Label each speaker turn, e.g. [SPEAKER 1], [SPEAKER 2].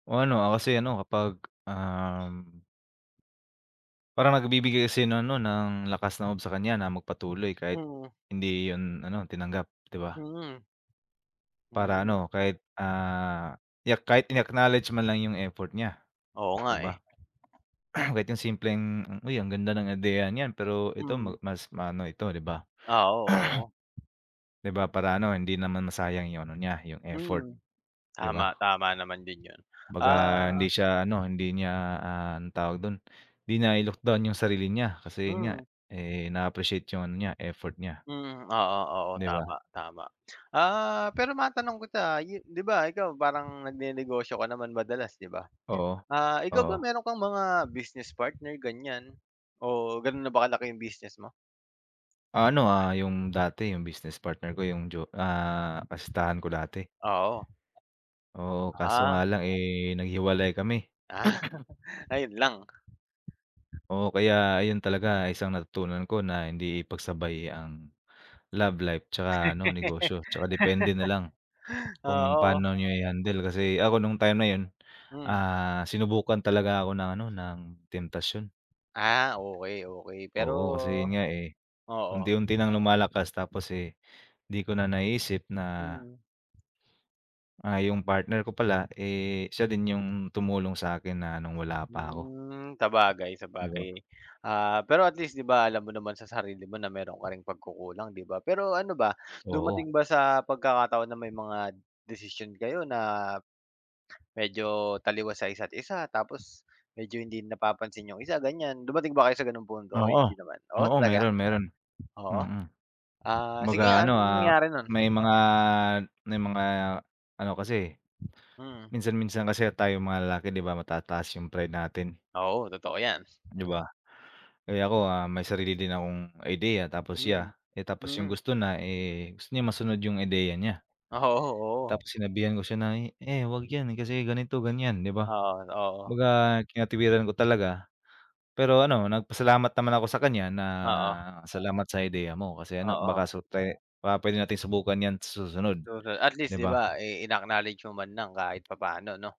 [SPEAKER 1] O ano, ah, kasi ano, kapag, um Parang nagbibigay kasi ng ano, ng, lakas ng loob sa kanya na magpatuloy, kahit
[SPEAKER 2] Mm.
[SPEAKER 1] hindi 'yon ano, tinanggap, 'di ba?
[SPEAKER 2] Mm.
[SPEAKER 1] Para
[SPEAKER 2] Mm.
[SPEAKER 1] ano, kahit, ah, i-ack kahit in-acknowledge man lang yung effort niya,
[SPEAKER 2] Oo nga
[SPEAKER 1] 'di
[SPEAKER 2] eh.
[SPEAKER 1] ba? Kahit yung simpleng, "Uy, ang ganda ng ideya niyan, pero ito ma
[SPEAKER 2] Hmm.
[SPEAKER 1] mas maano ito, 'di ba?"
[SPEAKER 2] Oo, oo.
[SPEAKER 1] 'Di ba, para ano, hindi naman masayang yung ano niya, yung effort,
[SPEAKER 2] Mm,
[SPEAKER 1] 'di ba?
[SPEAKER 2] tama, tama naman din 'yon,
[SPEAKER 1] 'Baga
[SPEAKER 2] ah
[SPEAKER 1] hindi siya ano, hindi niya, ah, ang tawag do'n, hindi nai-look down yung sarili niya, kasi 'yon nga,
[SPEAKER 2] Mm.
[SPEAKER 1] eh, na-appreciate yung ano niya, effort niya.
[SPEAKER 2] Mm, oo, oo,
[SPEAKER 1] 'Di ba?
[SPEAKER 2] tama, tama. Ah, pero matanong kita, ah, ye 'di ba, ikaw, parang nagnenegosyo ka naman madalas, 'di ba?
[SPEAKER 1] Oo,
[SPEAKER 2] Ah, ikaw ba,
[SPEAKER 1] oo.
[SPEAKER 2] meron kang mga business partner, ganyan, o gano'n na ba kalaki yung business mo?
[SPEAKER 1] Ah, ano, ah, yung dati, yung business partner ko, yung jo ah, kasintahan ko dati.
[SPEAKER 2] Oo.
[SPEAKER 1] Oo, kaso nga
[SPEAKER 2] Ah.
[SPEAKER 1] lang eh, naghiwalay kami.
[SPEAKER 2] Ah. Ayun lang.
[SPEAKER 1] Oo, kaya, ayun talaga isang natutunan ko na, hindi ipagsabay ang, love life tsaka ano, negosyo. Tsaka depende na lang, kung
[SPEAKER 2] Oo.
[SPEAKER 1] paano niyo i-handle, kasi ako, no'ng time na 'yon,
[SPEAKER 2] Hmm.
[SPEAKER 1] ah, sinubukan talaga ako ng ano, ng temptasyon.
[SPEAKER 2] Ah, okay, okay, pero
[SPEAKER 1] Oo, kasi 'yon nga eh,
[SPEAKER 2] oo.
[SPEAKER 1] unti-unti ng lumalakas, tapos eh, 'di ko na naiisip na
[SPEAKER 2] Hmm.
[SPEAKER 1] ah, yung partner ko pala, eh, siya din yung tumulong sa'kin na no'ng wala pa ako.
[SPEAKER 2] Hmm, sabagay,
[SPEAKER 1] 'Di ba?
[SPEAKER 2] sabagay. Ah, pero, at least, 'di ba, alam mo naman sa sarili mo na meron ka ring pagkukulang, 'di ba? Pero ano ba,
[SPEAKER 1] Oo.
[SPEAKER 2] dumating ba sa pagkakataon na may mga, desisyon kayo na, medyo taliwas sa isa't isa tapos medyo, hindi napapansin yung isa, ganyan? Dumating ba kayo sa gano'ng punto o
[SPEAKER 1] Oo,
[SPEAKER 2] hindi naman? Oh,
[SPEAKER 1] oo,
[SPEAKER 2] talaga?
[SPEAKER 1] meron, meron,
[SPEAKER 2] Oo,
[SPEAKER 1] mm.
[SPEAKER 2] ah, sige
[SPEAKER 1] Kumbaga
[SPEAKER 2] nga,
[SPEAKER 1] ano,
[SPEAKER 2] anong
[SPEAKER 1] ah,
[SPEAKER 2] nangyari no'n?
[SPEAKER 1] may mga, may mga ano kasi,
[SPEAKER 2] Mm.
[SPEAKER 1] minsan minsan kasi tayong mga lalaki, 'di ba, matataas yung pride natin?
[SPEAKER 2] Oo, totoo yan.
[SPEAKER 1] 'Di ba? Kaya ako, ah, may sarili din akong ideya, tapos
[SPEAKER 2] Hmm,
[SPEAKER 1] siya, eh, tapos yung
[SPEAKER 2] mm.
[SPEAKER 1] gusto na, eh, gusto niya masunod yung ideya niya.
[SPEAKER 2] Oo, oo.
[SPEAKER 1] Tapos sinabihan ko siya na, "Eh, huwag yan kasi ganito, ganyan", 'di ba?
[SPEAKER 2] Oo, oo.
[SPEAKER 1] Baga kinatwiran ko talaga, pero ano, nagpasalamat naman ako sa kanya na,
[SPEAKER 2] Oo.
[SPEAKER 1] "Salamat sa ideya mo. Kasi ano,
[SPEAKER 2] Oo.
[SPEAKER 1] baka, so te baka puwede nating subukan yan sa susunod,
[SPEAKER 2] [unintelligible] At least,
[SPEAKER 1] 'di
[SPEAKER 2] 'di
[SPEAKER 1] ba?"
[SPEAKER 2] ba, eh, in-acknowledge mo man lang, kahit papa'no, 'no?